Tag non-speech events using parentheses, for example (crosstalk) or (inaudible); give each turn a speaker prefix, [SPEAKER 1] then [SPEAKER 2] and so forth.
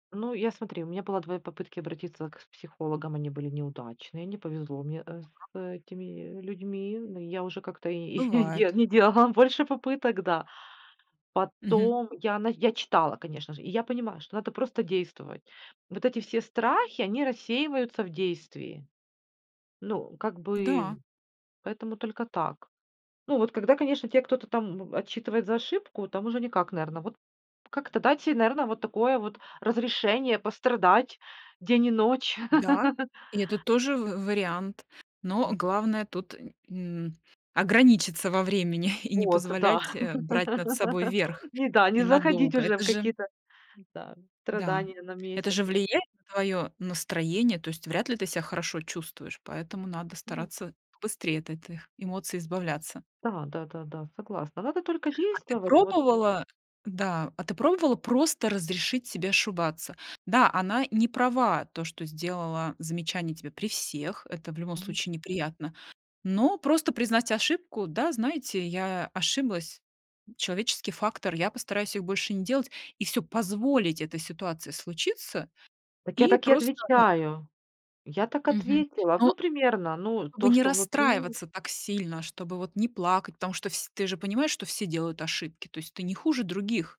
[SPEAKER 1] Ну, я, смотри, у меня было 2 попытки обратиться к психологам, они были неудачные, не повезло мне, э, с
[SPEAKER 2] Так.
[SPEAKER 1] этими людьми. Ну я уже как-то и де
[SPEAKER 2] Бывает.
[SPEAKER 1] не делала больше попыток, да.
[SPEAKER 2] Мгм.
[SPEAKER 1] Потом я на я читала, конечно же, и я понимаю, что надо просто действовать. Вот эти все страхи- они рассеиваются в действии. Ну, как бы,
[SPEAKER 2] Да.
[SPEAKER 1] поэтому только так. Ну, вот когда, конечно, те кто-то там б отчитывает за ошибку, там уже никак, наверно. Вот как-то дать се, наверно, вот такое вот разрешение пострадать день и ночь.
[SPEAKER 2] Да,
[SPEAKER 1] (laughs)
[SPEAKER 2] и это тоже в вариант. Но главное тут нь м, ограничиться во времени, (chuckles) и не
[SPEAKER 1] Вот,
[SPEAKER 2] позволять,
[SPEAKER 1] да.
[SPEAKER 2] э, брать над собой
[SPEAKER 1] (laughs)
[SPEAKER 2] верх
[SPEAKER 1] Не да,
[SPEAKER 2] и
[SPEAKER 1] не заходить
[SPEAKER 2] надолго.
[SPEAKER 1] уже
[SPEAKER 2] Это
[SPEAKER 1] в
[SPEAKER 2] же
[SPEAKER 1] какие-то, да,
[SPEAKER 2] да,
[SPEAKER 1] страдания на
[SPEAKER 2] это же
[SPEAKER 1] месяцы.
[SPEAKER 2] влияет на твоё настроение. То есть вряд ли ты ся хорошо чувствуешь, поэтому надо
[SPEAKER 1] М.
[SPEAKER 2] стараться быстрее от этих эмоций избавляться.
[SPEAKER 1] Да, да, да, да, согласна. Надо только
[SPEAKER 2] А ты
[SPEAKER 1] действовать, вот
[SPEAKER 2] пробовала? Да, а ты пробовала просто разрешить себе ошибаться? Да, она не права, то, что сделала замечание тебе при всех. Это в любом
[SPEAKER 1] Мгм.
[SPEAKER 2] случае неприятно, но просто признать ошибку: "Да, знаете, я ошиблась, человеческий фактор, я постараюсь их больше не делать", и всё, позволить этой ситуации случиться
[SPEAKER 1] Так я
[SPEAKER 2] и
[SPEAKER 1] так и
[SPEAKER 2] просто, ну
[SPEAKER 1] отвечаю. Я так
[SPEAKER 2] Мгм.
[SPEAKER 1] ответила.
[SPEAKER 2] Но.
[SPEAKER 1] Ну, примерно, ну,
[SPEAKER 2] Чтобы
[SPEAKER 1] то,
[SPEAKER 2] не
[SPEAKER 1] что внутри
[SPEAKER 2] расстраиваться так сильно, чтобы вот не плакать, потому что вс ты же понимаешь, что все делают ошибки, то есть ты не хуже других.